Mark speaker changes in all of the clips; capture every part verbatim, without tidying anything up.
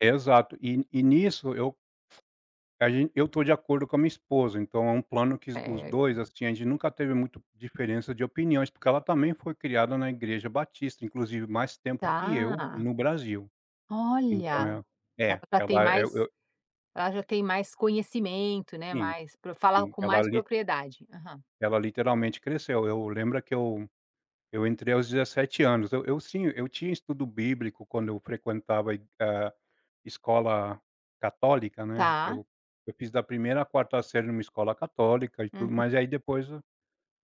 Speaker 1: Exato. E e nisso eu a gente eu estou de acordo com a minha esposa, então é um plano que os dois,
Speaker 2: Certo.
Speaker 1: assim, a gente nunca teve muito diferença de opiniões, porque ela também foi criada na Igreja Batista, inclusive mais tempo que eu,
Speaker 2: Tá.
Speaker 1: no Brasil. Então
Speaker 2: Olha!
Speaker 1: é
Speaker 2: Ela
Speaker 1: é,
Speaker 2: já tem
Speaker 1: ela é eu
Speaker 2: mais
Speaker 1: eu
Speaker 2: ela já tem mais conhecimento, né,
Speaker 1: Sim.
Speaker 2: mais pro fala
Speaker 1: Sim,
Speaker 2: com
Speaker 1: ela
Speaker 2: mais
Speaker 1: li
Speaker 2: propriedade. Aham.
Speaker 1: ela literalmente cresceu. Eu lembra que eu eu entrei aos dezessete anos eu eu sinha eu tinha estudo bíblico, quando eu frequentava e a escola católica, né.
Speaker 2: Tá.
Speaker 1: Eu eu fiz da primeira a quarta série numa escola católica, e tudo
Speaker 2: Uhu
Speaker 1: mais, e aí depois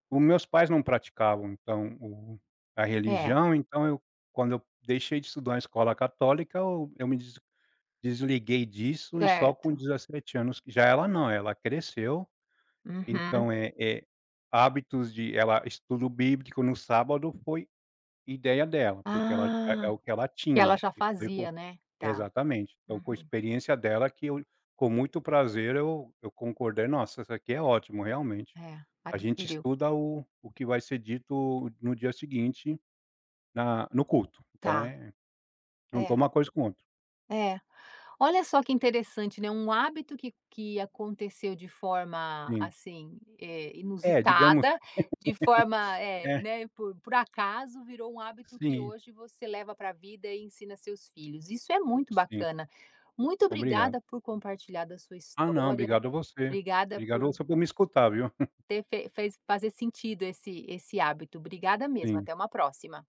Speaker 1: o meus pais não praticavam, então o a
Speaker 2: É.
Speaker 1: religião, então eu quando eu deixei de estudar em escola católica, eu eu me des desliguei disso, e só com
Speaker 2: Certo.
Speaker 1: dezessete anos que já ela não, ela cresceu.
Speaker 2: Uhum.
Speaker 1: Então é é hábitos de ela estudo bíblico no sábado foi ideia dela, porque ela é é
Speaker 2: Ah!
Speaker 1: o que ela
Speaker 2: Que ela
Speaker 1: tinha,
Speaker 2: já
Speaker 1: isso veio co
Speaker 2: fazia, né? Tá.
Speaker 1: exatamente. Então com a
Speaker 2: Uhum.
Speaker 1: experiência dela que eu, com muito prazer, eu eu concordei: "Nossa, essa aqui é ótimo, realmente".
Speaker 2: É,
Speaker 1: A gente
Speaker 2: adquiriu.
Speaker 1: estuda o o que vai ser dito no dia seguinte, na no culto. Então
Speaker 2: Tá.
Speaker 1: é juntou
Speaker 2: É.
Speaker 1: uma coisa com o outro.
Speaker 2: É. Olha só que interessante, né, um hábito que que aconteceu de forma,
Speaker 1: Sim.
Speaker 2: assim, eh,
Speaker 1: É, digamos.
Speaker 2: inusitada, de forma, eh,
Speaker 1: É.
Speaker 2: né, por por acaso, virou um hábito que
Speaker 1: Sim.
Speaker 2: hoje você leva pra vida, e ensina seus filhos. Isso é muito
Speaker 1: Sim.
Speaker 2: bacana. Muito
Speaker 1: Obrigado.
Speaker 2: obrigada por compartilhar da sua
Speaker 1: Ah não,
Speaker 2: história.
Speaker 1: obrigado você.
Speaker 2: Obrigada
Speaker 1: Obrigado
Speaker 2: por
Speaker 1: você por me escutar, viu.
Speaker 2: ter fe fez fazer sentido esse esse hábito. Obrigada mesmo,
Speaker 1: Sim.
Speaker 2: até uma próxima.